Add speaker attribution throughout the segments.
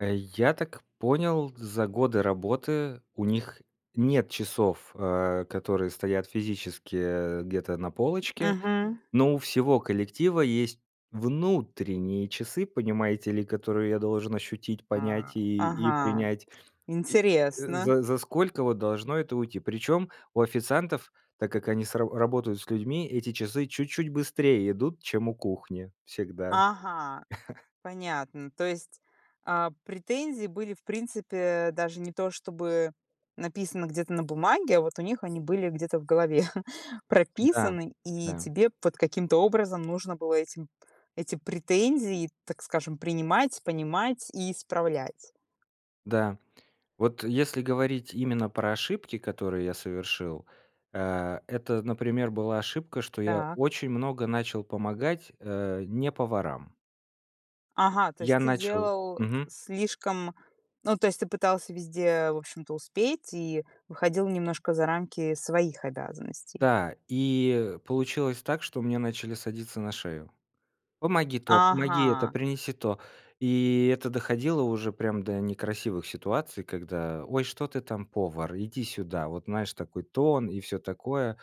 Speaker 1: Э, я так понял, за годы работы у них нет часов, э, которые стоят физически, э, где-то на полочке.
Speaker 2: Мгм.
Speaker 1: Но у всего коллектива есть внутренние часы, понимаете ли, которые я должен ощутить,
Speaker 2: А,
Speaker 1: понять и и
Speaker 2: ага,
Speaker 1: принять. И, э,
Speaker 2: интересно.
Speaker 1: за за сколько вот должно это уйти? Причем у официантов, так как они с ра работают с людьми, эти часы чуть-чуть быстрее идут, чем у кухни всегда.
Speaker 2: Ага, понятно. То есть, а, претензии были, в принципе, даже не то чтобы написаны где-то на бумаге, а вот у них они были где-то в голове
Speaker 1: Да,
Speaker 2: прописаны. И
Speaker 1: да.
Speaker 2: тебе вот каким-то образом нужно было этим эти претензии, так скажем, принимать, понимать и исправлять.
Speaker 1: Да. Вот, э, если говорить именно про ошибки, которые я совершил, а, это, например, была ошибка, что я
Speaker 2: Так.
Speaker 1: очень много начал помогать, э, не поварам.
Speaker 2: Ага, то есть
Speaker 1: Я
Speaker 2: ты
Speaker 1: начал
Speaker 2: делал
Speaker 1: мгм.
Speaker 2: слишком ну, то есть ты пытался везде, в общем-то, успеть и выходил немножко за рамки своих обязанностей.
Speaker 1: Да, и, э, получилось так, что мне начали садиться на шею. "Помоги то, помоги это,
Speaker 2: Ага.
Speaker 1: принеси то." И это доходило уже прям до некрасивых ситуаций, когда: "Ой, что ты там, повар, иди сюда". Вот, знаешь, такой тон и всё такое.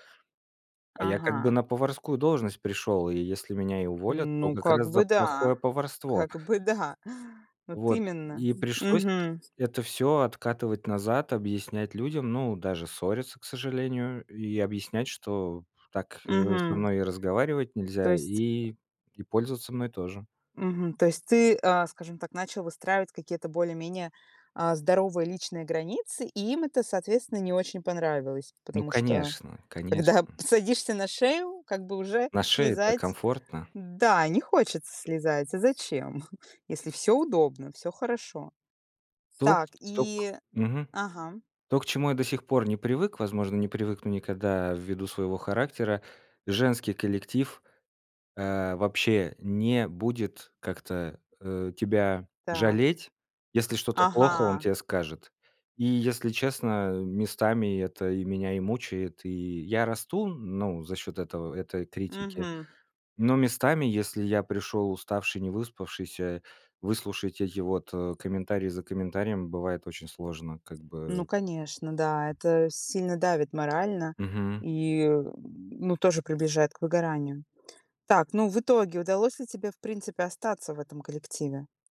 Speaker 1: А я как бы
Speaker 2: Ага.
Speaker 1: на поварскую должность пришёл, и если меня и уволят, то
Speaker 2: Ну,
Speaker 1: как
Speaker 2: как
Speaker 1: раз за
Speaker 2: бы да,
Speaker 1: плохое поварство.
Speaker 2: как бы да, вот
Speaker 1: Вот.
Speaker 2: именно,
Speaker 1: И пришлось
Speaker 2: мгм.
Speaker 1: это всё откатывать назад, объяснять людям, ну, даже ссориться, к сожалению, и объяснять, что так, э, со
Speaker 2: Мгм.
Speaker 1: мной разговаривать нельзя
Speaker 2: То есть
Speaker 1: и и пользоваться мной тоже.
Speaker 2: мгм, то есть ты, а, скажем так, начал выстраивать какие-то более-менее, а, здоровые личные границы, и им это, соответственно, не очень понравилось.
Speaker 1: Ну,
Speaker 2: Потому что,
Speaker 1: конечно,
Speaker 2: когда
Speaker 1: конечно.
Speaker 2: садишься на шею, как бы уже
Speaker 1: На шее-то
Speaker 2: слезать
Speaker 1: комфортно.
Speaker 2: да, не хочется слезать, а зачем? Если всё удобно, всё хорошо.
Speaker 1: То
Speaker 2: Так
Speaker 1: то к
Speaker 2: и
Speaker 1: мгм,
Speaker 2: ага, м.
Speaker 1: То к чему я до сих пор не привык, возможно, не привыкну никогда ввиду своего характера: женский коллектив, э, вообще не будет как-то, э, тебя
Speaker 2: Так.
Speaker 1: жалеть, если что-то плохо- он
Speaker 2: Ага.
Speaker 1: те скажет. И если честно, местами это и меня, и мучает, и я расту, ну, за счёт этого, этой критики,
Speaker 2: Мгм.
Speaker 1: но местами, если я пришёл уставший, не выспавшийся, выслушать эти вот, э, комментарий за комментарием бывает очень сложно, как
Speaker 2: Ну
Speaker 1: бы.
Speaker 2: конечно, да, это сильно давит морально.
Speaker 1: Мгм.
Speaker 2: И, ну, тоже приближает к выгоранию. Так, ну, в итоге удалось ли тебе, в принципе, остаться в этом коллективе?